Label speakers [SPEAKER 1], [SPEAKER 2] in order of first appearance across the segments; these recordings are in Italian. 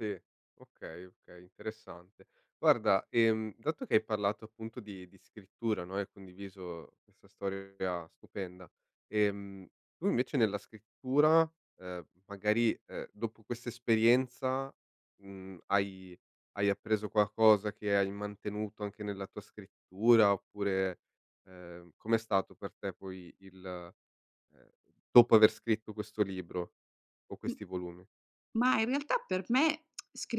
[SPEAKER 1] Sì. Okay, okay interessante. Guarda, ehm, dato che hai parlato appunto di di scrittura, no, e hai condiviso questa storia stupenda, ehm, tu invece nella scrittura, ehm, magari, ehm, dopo questa esperienza, mhmm, hai hai appreso qualcosa che hai mantenuto anche nella tua scrittura, oppure ehm, come è stato per te, poi il ehm, dopo aver scritto questo libro, o
[SPEAKER 2] M
[SPEAKER 1] questi volumi?
[SPEAKER 2] ma in realtà per me,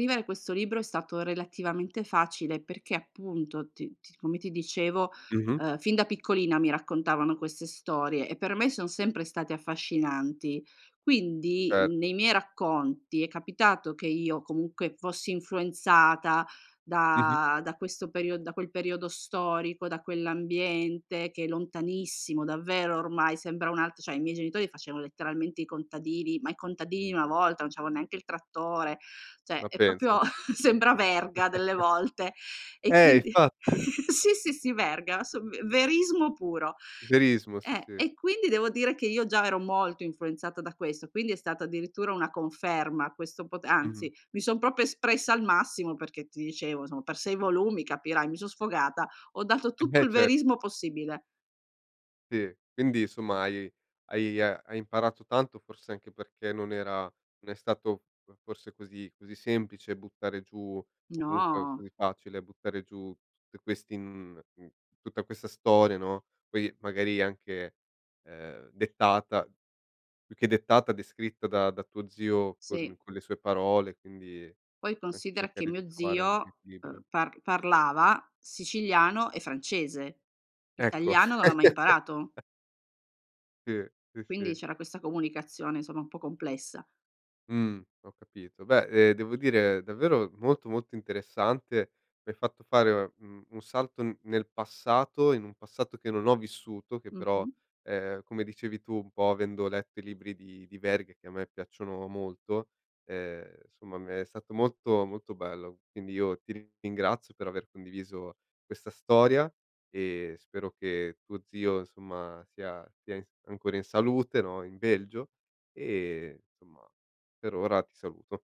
[SPEAKER 2] scrivere questo libro è stato relativamente facile, perché appunto, ti ti come ti dicevo,
[SPEAKER 1] Mh-mh.
[SPEAKER 2] ehm, fin da piccolina mi raccontavano queste storie, e per me son sempre state affascinanti. Quindi,
[SPEAKER 1] Certo.
[SPEAKER 2] nei miei racconti, è capitato che io comunque fossi influenzata,
[SPEAKER 1] Mh-mh.
[SPEAKER 2] da da questo period da quel periodo storico, da quell'ambiente che è lontanissimo, davvero, ormai sembra un alt cioè, i miei genitori facevano letteralmente i contadini, ma i contadini di una volta, non c'avevo neanche il trattore, cioè
[SPEAKER 1] Ma
[SPEAKER 2] è
[SPEAKER 1] penso.
[SPEAKER 2] proprio sembra Verga delle volte; e
[SPEAKER 1] Eh
[SPEAKER 2] quindi
[SPEAKER 1] infatti.
[SPEAKER 2] sì, sì, sì, Verga, sum ve verismo puro.
[SPEAKER 1] Verismo, sì
[SPEAKER 2] Eh,
[SPEAKER 1] sì.
[SPEAKER 2] e quindi devo dire che io già ero molto influenzata da questo, quindi è stata addirittura una conferma questo po
[SPEAKER 1] Mh-mh.
[SPEAKER 2] anzi, mi son proprio espressa al massimo, perché ti dicevo, insom per 6 volumi, capirai, mi son sfogata, ho dato
[SPEAKER 1] E
[SPEAKER 2] tutto il
[SPEAKER 1] invece.
[SPEAKER 2] verismo possibile.
[SPEAKER 1] Si, quindi, insomma hai hai e hai imparato tanto, forse anche perché non era non è stato fo forse così così semplice buttare giù o comunque
[SPEAKER 2] No.
[SPEAKER 1] così facile, buttare giù te questi in uhm, tutta questa storia, no, poi magari anche, ehm, dettata più che dettata, descritta, da da tuo zio, con
[SPEAKER 2] Sì.
[SPEAKER 1] con le sue parole, quindi
[SPEAKER 2] Poi
[SPEAKER 1] anche
[SPEAKER 2] considera che
[SPEAKER 1] cercare di
[SPEAKER 2] mio
[SPEAKER 1] trovare un
[SPEAKER 2] zio, ehm,
[SPEAKER 1] equilibrio.
[SPEAKER 2] par parlava siciliano e francese.
[SPEAKER 1] Ecco.
[SPEAKER 2] Italiano non l'ha mai imparato.
[SPEAKER 1] Sì, sì
[SPEAKER 2] Quindi
[SPEAKER 1] sì.
[SPEAKER 2] c'era questa comunicazione, insomma, un po' complessa.
[SPEAKER 1] Mhmm, ho capito. Beh, ehm, devo dire, davvero molto molto interessante, mi hai fatto fare un un salto n nel passato, in un passato che non ho vissuto, che però,
[SPEAKER 2] Mh-mh.
[SPEAKER 1] ehm, come dicevi tu, un po' avendo letto i libri di di Verga che a me piacciono molto, ehm, insomma me è stato molto, molto bello. Quindi io ti rin ringrazio per aver condiviso questa storia, e spero che tuo zio insomma, sia sia in s ancora in salute, no, in Belgio? E, ehm, insomma, per ora ti saluto.